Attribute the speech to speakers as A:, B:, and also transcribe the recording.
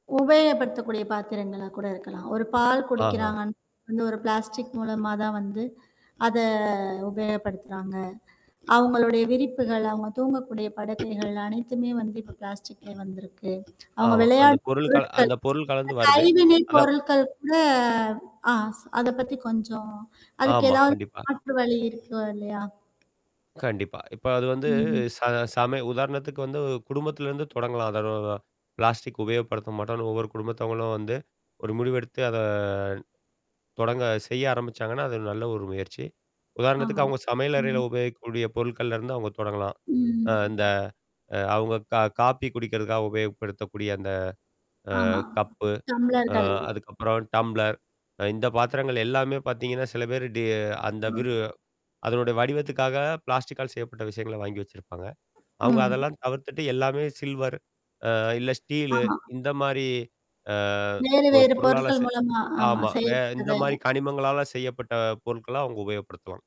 A: உபயோகப்படுத்தக்கூடிய பாத்திரங்களா கூட இருக்கலாம். ஒரு பால்
B: ஆஹா!
A: குடிக்கிறாங்கன்னா வந்து, ஒரு பிளாஸ்டிக் மூலமா தான் வந்து அத உபயோகப்படுத்துறாங்க. அவங்களுடைய விரிப்புகள், அவங்க தூங்கக்கூடிய படுக்கைகள் அனைத்துமே வந்து இப்ப பிளாஸ்டிக்லே வந்திருக்கு. அவங்க
B: ஆமா, அந்த
A: விளையாடும்
B: பொருள் கல
A: பொருட்கள்,
B: அந்த பொருள் கலந்து வருது.
A: கைவினை
B: அதான்
A: பொருட்கள் கூட ஆ அத பத்தி கொஞ்சம் அதுக்கு
B: ஆமா,
A: எதாவது,
B: கண்டிப்பா.
A: மாற்று வழி இருக்கா, இல்லையா?
B: கண்டிப்பா. இப்ப அது வந்து
A: ம்ஹ்ம்.
B: ச சம உதாரணத்துக்கு வந்து குடும்பத்திலருந்து தொடங்கலாம். அதாவது, பிளாஸ்டிக் உபயோகப்படுத்த மாட்டோம்ன்னு, ஒவ்வொரு குடும்பத்தவங்களும் வந்து, ஒரு முடிவு எடுத்து அத தொடங்க செய்ய ஆரம்பிச்சாங்கன்னா, அது நல்ல ஒரு முயற்சி. உதாரணத்துக்கு
A: ஆமாம்,
B: அவுங்க சமையல் அறையில
A: ம்.
B: உபயோகிக்கக்கூடிய பொருட்கள்ல இருந்து அவங்க தொடங்கலாம். அந்த,
A: ம்.
B: அ அவங்க கா காபி குடிக்கிறதுக்காக உபயோகப்படுத்தக்கூடிய, அந்த
A: ஆமா,
B: அ கப்பு. அ
A: டம்ளர்கள்.
B: அதுக்கப்புறம் டம்ப்ளர். அ இந்த பாத்திரங்கள் எல்லாமே பாத்தீங்கன்னா, சில பேரு டி அந்த விரு அதனுடைய வடிவத்துக்காக பிளாஸ்டிக்கால் செய்யப்பட்ட விஷயங்கள வாங்கி வச்சிருப்பாங்க.
A: ஆ.
B: அவங்க அதெல்லாம் தவிர்த்துட்டு எல்லாமே சில்வர். அ இல்ல ஸ்டீலு
A: ஆமா.
B: இந்த மாரி, அ
A: வேறு,
B: ஒரு
A: வேறு
B: பொருளால
A: பொருட்கள்
B: செ
A: மூலமா ஆமா,
B: ஆமா, வே இந்த
A: செய்யப்பட்டது.
B: மாரி கனிமங்களால செய்யப்பட்ட பொருட்கள அவுங்க உபயோகப்படுத்துவாங்க.